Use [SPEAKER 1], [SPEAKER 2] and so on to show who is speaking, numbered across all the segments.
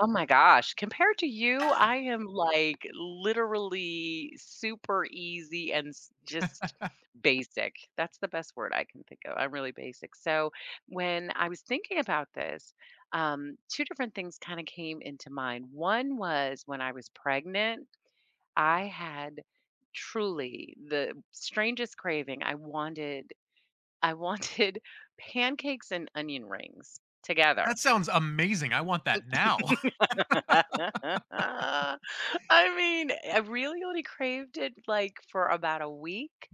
[SPEAKER 1] Oh my gosh, compared to you, I am, like, literally super easy and s just basic. That's the best word I can think of, I'm really basic, so, when I was thinking about this, um, 2 different things kinda came into mind; one was when I was pregnant,
[SPEAKER 2] Hmm.
[SPEAKER 1] I had truly the strangest craving, I wanted I wanted pancakes and onion rings together.
[SPEAKER 2] That sounds amazing. I want
[SPEAKER 1] Mm
[SPEAKER 2] that now.
[SPEAKER 1] I mean, I really only craved it, like, for about a week,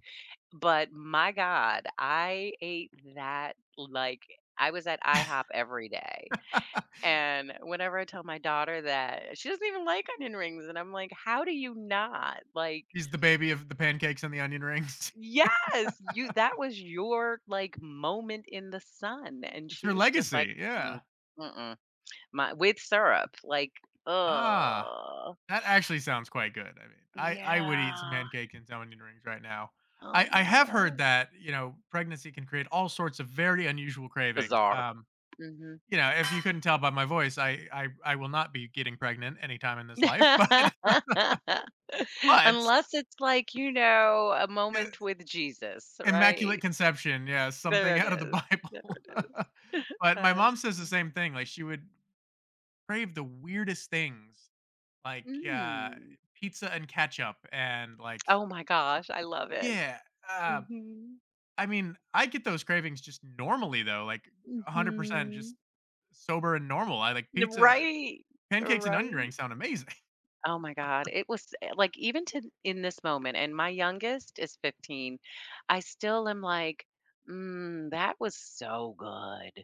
[SPEAKER 1] but my god, I ate that, like I was at IHOP every day, and whenever I tell my daughter that she doesn't even like onion rings, and I'm like, "How do you not?" like
[SPEAKER 2] She's the baby of the pancakes and the onion rings.
[SPEAKER 1] Yes! "You that was your, like, moment in the sun," and
[SPEAKER 2] It's
[SPEAKER 1] she
[SPEAKER 2] her
[SPEAKER 1] was just, like,
[SPEAKER 2] legacy,
[SPEAKER 1] "Mm,
[SPEAKER 2] yeah.
[SPEAKER 1] mm-mm." My with syrup, like,
[SPEAKER 2] Ah,
[SPEAKER 1] ugh.
[SPEAKER 2] that actually sounds quite good, I mean, I I would eat some
[SPEAKER 1] Yeah.
[SPEAKER 2] pancake and some onion rings right now.
[SPEAKER 1] Oh
[SPEAKER 2] I I
[SPEAKER 1] my
[SPEAKER 2] have heard
[SPEAKER 1] gosh.
[SPEAKER 2] that, you know, pregnancy can create all sorts of very unusual cravings,
[SPEAKER 1] Bizarre.
[SPEAKER 2] um,
[SPEAKER 1] Mhm.
[SPEAKER 2] you know, if you couldn't tell by my voice, I I I will not be getting pregnant anytime in this life, but but
[SPEAKER 1] Unless it's like, you know, a
[SPEAKER 2] Y
[SPEAKER 1] moment with Jesus,
[SPEAKER 2] Immaculate
[SPEAKER 1] right?
[SPEAKER 2] Conception, yeah,
[SPEAKER 1] There
[SPEAKER 2] something
[SPEAKER 1] it
[SPEAKER 2] out of the
[SPEAKER 1] is. There
[SPEAKER 2] Bible.
[SPEAKER 1] it is.
[SPEAKER 2] But my mom
[SPEAKER 1] That's
[SPEAKER 2] says the
[SPEAKER 1] [unintelligible]
[SPEAKER 2] same thing, like, she would crave the weirdest things, like, uh,
[SPEAKER 1] Mm.
[SPEAKER 2] pizza and ketchup and, like
[SPEAKER 1] Oh my gosh, I love it.
[SPEAKER 2] Yeah, uh,
[SPEAKER 1] Mhm.
[SPEAKER 2] I mean, I get those cravings just normally, though, like, 100% just
[SPEAKER 1] Mhm.
[SPEAKER 2] sober and normal, I like
[SPEAKER 1] N
[SPEAKER 2] pizza
[SPEAKER 1] right.
[SPEAKER 2] pancakes and onion
[SPEAKER 1] Right.
[SPEAKER 2] rings sound amazing.
[SPEAKER 1] Oh my god, it was, eh like, even to in this moment, and my youngest is 15, I still am, like, "Mm, that was so good."